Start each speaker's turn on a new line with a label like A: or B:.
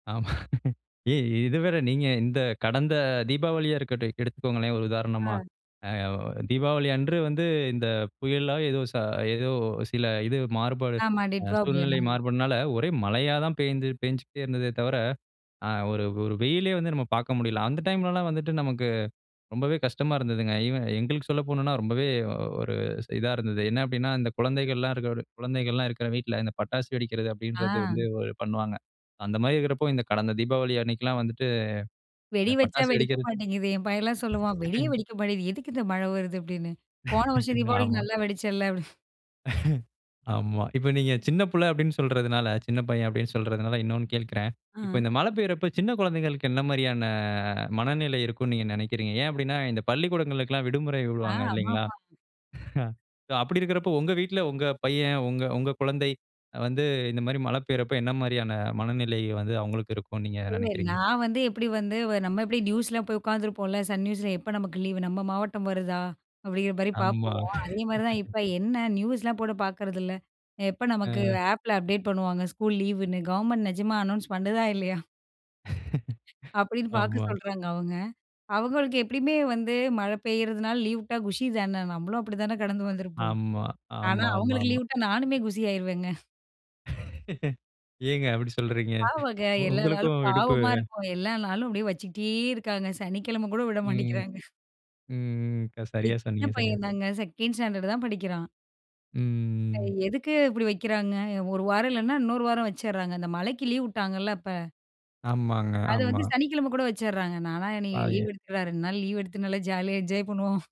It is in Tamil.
A: ஆமா, ஏ இத வேற நீங்க இந்த கடந்த தீபாவளியா இருக்கட்டும், எடுத்துக்கொங்களேன் ஒரு உதாரணமா
B: ஆ.
A: தீபாவளி அன்று வந்து இந்த புயல்லா ஏதோ ச ஏதோ சில இது மாறுபாடு
B: ஆமா, டிட்வா புயல்,
A: சூழ்நிலை
B: ஆமா.
A: மாறுபாடுனால ஒரே மழையா தான் பெய்து பெஞ்சுகிட்டே இருந்ததே தவிர, ஆ, ஒரு ஒரு வெயிலே வந்து நம்ம பார்க்க முடியல. அந்த டைம்லலாம் வந்துட்டு நமக்கு ரொம்பவே கஷ்டமா இருந்ததுங்க. ஈவன் எங்களுக்கு சொல்ல போணும்னா ரொம்பவே ஒரு இதா இருந்தது. என்ன அப்படின்னா, இந்த குழந்தைகள்லாம் இருக்கிற குழந்தைகள்லாம் இருக்கிற வீட்ல இந்த பட்டாசு வெடிக்கிறது
B: ஆ.
A: அப்படின்றது வந்து பண்ணுவாங்க. அந்த மாதிரி இருக்கிறப்போ இந்த கடந்த தீபாவளி அன்னைக்குலம் வந்துட்டு
B: வெடி
A: இந்த
B: வச்சா
A: பட்டாசு
B: வெடிக்க
A: வெடிக்கிறது
B: மாட்டேங்குது. என் பையன்லா சொல்லுவான், "வெடியே வெடிக்க மாட்டேங்குது, எதுக்கு இந்த மழ வருது." அப்பிடின்னு போன வருஷம் தீபாவளிக்கு
A: ஆமா.
B: நல்லா வெடிச்சல்ல அப்படி.
A: ஆமா. இப்ப நீங்க சின்ன பிள்ள அப்படினு சொல்றதுனால, சின்ன பையன் அப்படினு சொல்றதுனால இன்னொன்னு கேட்கிறேன். இப்போ இந்த
B: அ.
A: மழை பெய்யும்போது சின்ன குழந்தைகளுக்கு என்ன மாரியான மனநிலை இருக்கும்னு நீங்க நினைக்கிறீங்க. ஏன் அப்படினா இந்த பள்ளிக்கூடங்களுக்கெல்லாம் இந்த விடுமுறை
B: ஆ,
A: விடுவாங்க இல்லைங்களா?
B: ஆமாமா.
A: அப்படி இருக்கிறப்போ உங்க வீட்ல உங்க பையன், உங்க உங்க குழந்தை வந்து இந்த மாரி மழை பெய்யுறப்ப என்ன மாரியான மனநிலை வந்து அவங்களுக்கு இருக்குனு நீங்க
B: இல்ல,
A: நினைக்கிறீங்க?
B: நான் வந்து எப்படி வந்து நம்ம எப்படி நியூஸ்லா போய் உட்காந்துருப்போம்ல, சன் நியூஸில எப்ப நமக்கு லீவ் நம்ம மாவட்டம் வருதா அப்படிங்கிற மாரி
A: ஆமா.
B: பார்ப்போம். அதே மாதிரி தான் இப்ப என்ன நியூஸ்லாம் போட்டு பார்க்குறதில்ல, எப்ப நமக்கு
A: ஆ.
B: ஆப்ல அப்டேட் பண்ணுவாங்க ஸ்கூல் லீவுன்னு கவர்மெண்ட் நிஜமா அனோன்ஸ் பண்ணுதா இல்லையா? அப்படின்னு பார்க்க
A: ஆமா.
B: சொல்றாங்க அவங்க. அவங்களுக்கு எப்படியுமே வந்து மழ பெய்யிறதுனால லீவ் விட்டா, குஷி தானே நம்மளும் அப்படி தானே கடந்து வந்திருப்போம்.
A: ஆமா,
B: ஆனா, அவங்களுக்கு
A: ஆமாமாமா.
B: லீவ் விட்டா நானுமே குஷி ஆகிடுவேங்க.
A: ஏங்க அப்படி சொல்றீங்க?
B: பாவங்க. எல்லா நாளும்
A: உங்களுக்கும் விடுப்பு.
B: பாவமா இருக்கும். எல்லா நாளும் அப்படியே வச்சுட்டே இருக்காங்க. சனிக்கிழம கூட விட
A: ம்,
B: மாட்டேங்கிறாங்க.
A: ம். சரியா,
B: சின்ன
A: சொன்னீங்க சரியா.
B: பையன் தாங்க 2 ஸ்டாண்டர்ட் தான் படிக்கிறான்.
A: ம்.
B: எதுக்கு இப்படி வக்கிறாங்க? ஒரு வாரம் இல்லைன்னா, இன்னொரு வாரம் வச்சிறாங்க இந்த மழைக்கு லீவ் விட்டாங்கல்ல அப்ப.
A: ஆமாங்க,
B: அது
A: ஆமா.
B: வந்து சனிக்கிழமை கூட வச்சிடுறாங்க. நான்லாம் இன்னைக்கு லீவ்
A: ஆய.
B: எடுத்துக்கடா, 2 நாள் லீவ் எடுத்து நல்லா ஜாலியா என்ஜாய் பண்ணுவோம்.